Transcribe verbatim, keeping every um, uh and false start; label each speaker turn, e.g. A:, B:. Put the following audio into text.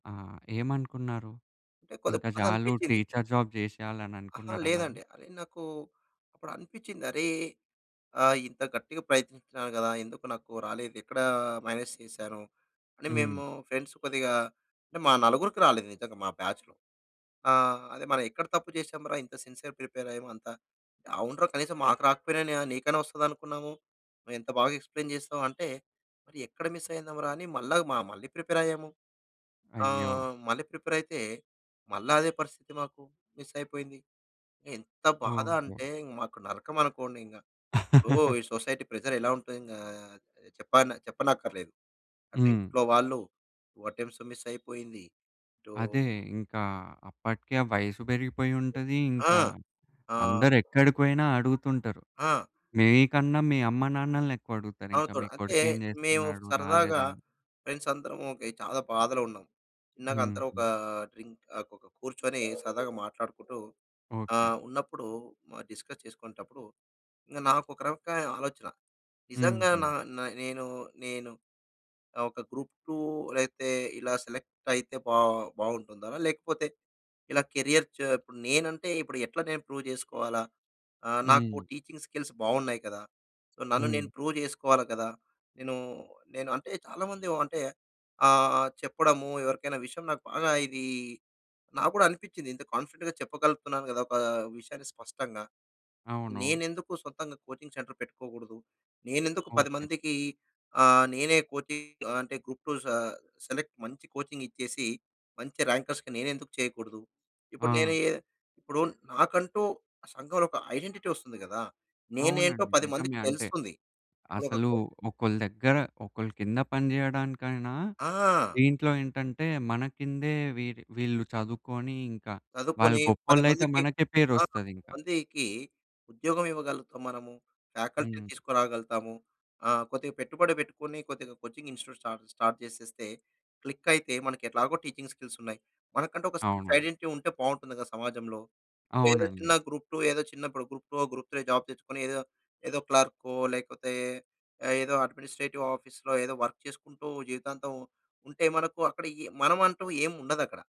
A: ఆ! ఏమనుకున్నారు?
B: అంటే కొద్దిగా
A: ఇంకా
B: బాధ
A: చాలు
B: అనిపించింది.
A: టీచర్ జాబ్ చేసేయాలని
B: అహా!
A: అనుకున్నారా మళ్ళీ?
B: లేదండి. నాకు అప్పుడనిపించింది. అరే! ఆహ్, ఇంత గట్టిగా ప్రయత్నించినాను కదా! ఎందుకు నాకు రాలేదు? ఎక్కడ మైనస్ చేసాను అని.
A: హ్మ్.
B: మేము ఫ్రెండ్స్ కొద్దిగా అంటే మా నలుగురికి రాలేదు నిజంగా మా బాచ్‌లో. ఆహ్, అదే మనం ఎక్కడ తప్పు చేసాం రా? ఇంత సిన్సియర్‌ ప్రిపేర్ అయ్యాము అంతా. "అవునురా కనీసం మాకు రాకపోయినా నీకైనా వస్తదనుకున్నాము. నువ్వెంత బాగా ఎక్స్‌ప్లైన్‌ చేసావు" అంటే, మరి ఎక్కడ మిస్ అయిందంరా అని మళ్ళా మా మళ్ళీ ప్రిపేర్ అయ్యాము.
A: అయ్యో!
B: ఆహ్, మళ్ళి ప్రిపేర్ అయితే, మళ్ళా అదే పరిస్థితి మాకు. మిస్ అయిపోయింది. ఎంత బాధ
A: ఓహో!
B: అంటే మాకు నరకమనుకోండి ఇంకా. ఇప్పుడు ఈ సొసైటీ ప్రెజర్ ఎలా ఉంటుంది. ఆహ్, చెప్పన్ చెప్పనక్కర్లేదు. అటు
A: హ్మ్.
B: ఇంట్లో వాళ్ళు, వాటెంస్ మిస్ అయిపోయింది. ఇటు
A: అదే! ఇంకా అప్పటికే ఆ వయసు పెరిగిపోయుంటది.
B: ఆ!
A: ఇంకా
B: ఆహ్
A: అందరూ ఎక్కడికి పోయినా అడుగుతుంటారు.
B: ఆ!
A: మీకన్నా మీ అమ్మ నాన్నలని ఎక్కువడుగుతారు ఇంకా.
B: అవుతారు.
A: మీ
B: అంటే
A: కొడుకు ఏం
B: మేము
A: చేస్తున్నాడు?
B: సరదాగా
A: రాలేదా?
B: ఫ్రెండ్స్ అందరము ఓకే, చాలా బాధలో ఉన్నాం. ఇందాక అందరూ ఒక
A: హుహు.
B: డ్రింక్ ఆహ్, ఒక కూర్చొని సరదాగా మాట్లాడుకుంటూ
A: ఓకే.
B: ఆహ్, ఉన్నప్పుడు మ డిస్కస్ చేసుకునేటప్పుడు. ఇంగ నాకు ఒక రకమైన ఆలోచన. నిజంగా నా
A: హుహు.
B: న నేను, నేను ఒక గ్రూప్-2 లేతే ఇలా సెలెక్ట్ అయితే బా బాగుంటుందా? లేకపోతే ఇలా కేరియర్ చ ఇప్పుడు నేనంటే ఇప్పుడు ఎట్లా నేను ప్రూవ్ చేసుకోవాలా? ఆహ్, నాకు
A: హ్మ్.
B: టీచింగ్ స్కిల్స్ బాగున్నాయి కదా! సో, నన్ను నేను
A: హ్మ్.
B: ప్రూవ్ చేసుకోవాలి కదా! నేను, నేను అంటే చాలా మంది అంటే ఆహ్, చెప్పడము ఎవరికైనా విషయం నాకు బాగా ఇది నాకు కూడా అనిపించింది ఇంత కాన్ఫిడెంట్‌గా చెప్పగలుగుతున్నాను కదా! ఒక విషయాన్ని స్పష్టంగా.
A: అవును.
B: నేనెందుకు సొంతంగా కోచింగ్ సెంటర్ పెట్టుకోకూడదు. నేనెందుకు పది
A: ఓకే.
B: మందికి ఆహ్, నేనే కోచింగ్ అంటే గ్రూప్-2 స సెలెక్ట్ మంచి కోచింగ్ ఇచ్చేసి, మంచి ర్యాంకర్స్‌కి నేను ఎందుకు చేయకూడదు? ఇప్పుడు నేను
A: ఆ!
B: ఇప్పుడు నాకంటూ సంఘంలో ఒక ఐడెంటిటీ వస్తుంది కదా! నేనేంటో
A: అవునండి.
B: పది
A: నిజమే.
B: మందికి
A: అంటే
B: తెలుస్తుంది. ఇప్పుడు ఒక
A: అసలు
B: కో
A: ఒకళ్ళ దగ్గర ఒకళ్ళ కింద పనిచేయడానికైనా
B: ఆ!
A: దీంట్లో ఏంటంటే, మన కిందే వీ వీళ్ళు చదువుకొని ఇంకా వాళ్ళు
B: చదువుకుని పది
A: గొప్పోళ్ళైతే
B: మందికి
A: మనకే
B: ఆ!
A: పేరొస్తది
B: పది
A: ఇంకా.
B: మందికి ఉద్యోగం ఇవ్వగలుగుతాం మనము. ఫ్యాకల్టీ
A: హ్మ్.
B: తీసుకురాగలుగుతాము. ఆహ్, కొద్దిగా పెట్టుబడి పెట్టుకొని, కొద్దిగా కోచింగ్ ఇన్స్‌టిట్యూట్ స్టా స్టార్ట్ చేసేస్తే, క్లిక్ అయితే మనకి ఎట్లాగో టీచింగ్ స్కిల్స్ ఉన్నాయి. మనకంటూ ఒక సెల్ఫ్
A: అవును.
B: ఐడెంటిటీ ఉంటే బాగుంటుంది కదా సమాజంలో. ఏదో
A: అవునండి.
B: చిన్న గ్రూప్-2 ఏదో చిన్న ఇప్పుడు గ్రూప్-2, గ్రూప్-3 జాబ్ తెచ్చుకొని, ఏదో ఏదో క్లర్కో లేకపోతే ఏదో అడ్మినిస్ట్రేటివ్ ఆఫీస్‌లో ఏదో వర్క్ చేసుకుంటూ జీవితాంతం ఉంటే, మనకు అక్కడ ఈ మనం అంటూ ఏం ఉండదక్కడ.